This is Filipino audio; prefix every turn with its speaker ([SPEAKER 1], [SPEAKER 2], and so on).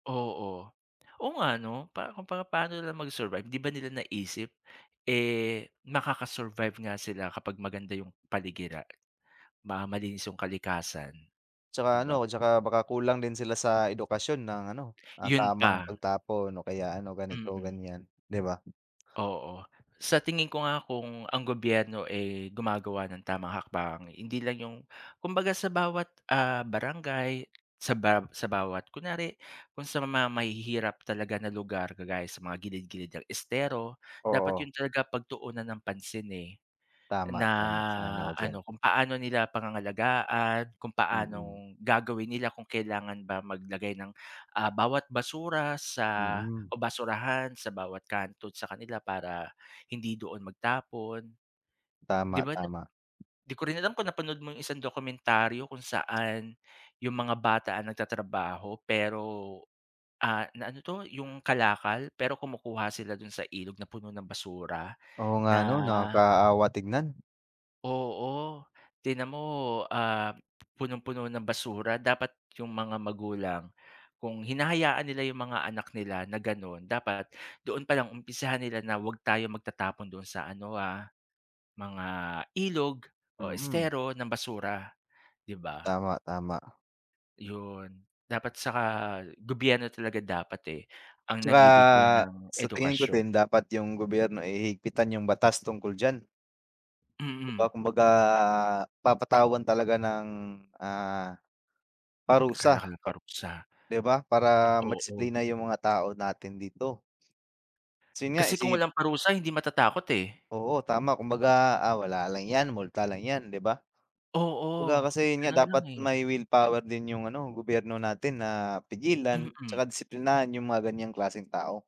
[SPEAKER 1] Oo. Oo nga, 'no. Pa kumbaga paano nila mag-survive, 'di ba nila naisip, eh, makaka-survive nga sila kapag maganda 'yong paligira Ma malinis 'yong kalikasan, 'di
[SPEAKER 2] Tsaka
[SPEAKER 1] ba.
[SPEAKER 2] ano, tsaka baka kulang din sila sa edukasyon ng ano, ng
[SPEAKER 1] 'Yon
[SPEAKER 2] tamang
[SPEAKER 1] pa.
[SPEAKER 2] pagtapon o kaya ano,
[SPEAKER 1] Mm.
[SPEAKER 2] ganito-ganiyan, 'di ba.
[SPEAKER 1] Oo. Sa tingin ko nga kung ang gobyerno, eh, gumagawa ng tamang hakbang, hindi lang 'yong kumbaga sa bawat, ah, barangay, sa bar sa bawat kunwari kung sa ma ma mahihirap talaga na lugar kagaya sa mga gilid-gilid ng estero, dapat
[SPEAKER 2] Oo.
[SPEAKER 1] 'yon talaga pagtuunan ng pansin, eh.
[SPEAKER 2] Tama,
[SPEAKER 1] Na
[SPEAKER 2] tama. Sang-ayon ako diyan.
[SPEAKER 1] ano, kung paano nila pangangalagaan, kung
[SPEAKER 2] Mm.
[SPEAKER 1] paanong gagawin nila kung kailangan ba maglagay ng, ah, bawat basura sa,
[SPEAKER 2] Mm.
[SPEAKER 1] o basurahan sa bawat kanto sa kanila para hindi doon magtapon. 'Di
[SPEAKER 2] Tama,
[SPEAKER 1] ba, na
[SPEAKER 2] tama.
[SPEAKER 1] 'di ko rin alam kung napanood mo 'yong isang dokumentaryo kung saan, 'yong mga bata ang nagtatrabaho, pero, ah, na ano 'to, 'yong kalakal pero kumukuha sila do'n sa ilog na puno ng basura.
[SPEAKER 2] Oo nga,
[SPEAKER 1] Na
[SPEAKER 2] 'no. Nakakaawa tingnan.
[SPEAKER 1] Oo. Tingnan mo, ah, punong-puno ng basura. Dapat 'yong mga magulang, kung hinahayaan nila 'yong mga anak nila na gano'n, dapat doon palang umpisahan nila na wag tayo magtatapon doon sa ano, ah, mga ilog o
[SPEAKER 2] Mm.
[SPEAKER 1] estero ng basura, 'di ba.
[SPEAKER 2] Tama, tama. A
[SPEAKER 1] 'Yon. Dapat, saka gobyerno talaga dapat, eh, ang
[SPEAKER 2] 'Tsaka
[SPEAKER 1] nagbibigay ng
[SPEAKER 2] sa tingin ko
[SPEAKER 1] edukasyon.
[SPEAKER 2] din, dapat 'yong gobyerno, eh, higpitan 'yong batas tungkol diyan. 'Di ba,
[SPEAKER 1] Mm.
[SPEAKER 2] kumbaga papatawan talaga ng, ah, parusa
[SPEAKER 1] Kalaki ng
[SPEAKER 2] ka
[SPEAKER 1] parusa.
[SPEAKER 2] 'Di ba, para
[SPEAKER 1] Oo.
[SPEAKER 2] madisiplina 'yong mga tao natin dito. Tas 'yong nga,
[SPEAKER 1] Kasi kung
[SPEAKER 2] isi
[SPEAKER 1] walang parusa hindi matatakot, eh.
[SPEAKER 2] Oo, tama. Kumbaga, ah, wala lang 'yan, multa lang 'yan, 'di ba.
[SPEAKER 1] Oo.
[SPEAKER 2] Kumbaga kasi, 'yon nga
[SPEAKER 1] Gano'n lang,
[SPEAKER 2] dapat
[SPEAKER 1] eh.
[SPEAKER 2] may willpower din 'yong ano gobyerno natin na pigilan
[SPEAKER 1] Mm.
[SPEAKER 2] 'tsaka disiplinahin 'yong mga ganiyang klaseng tao.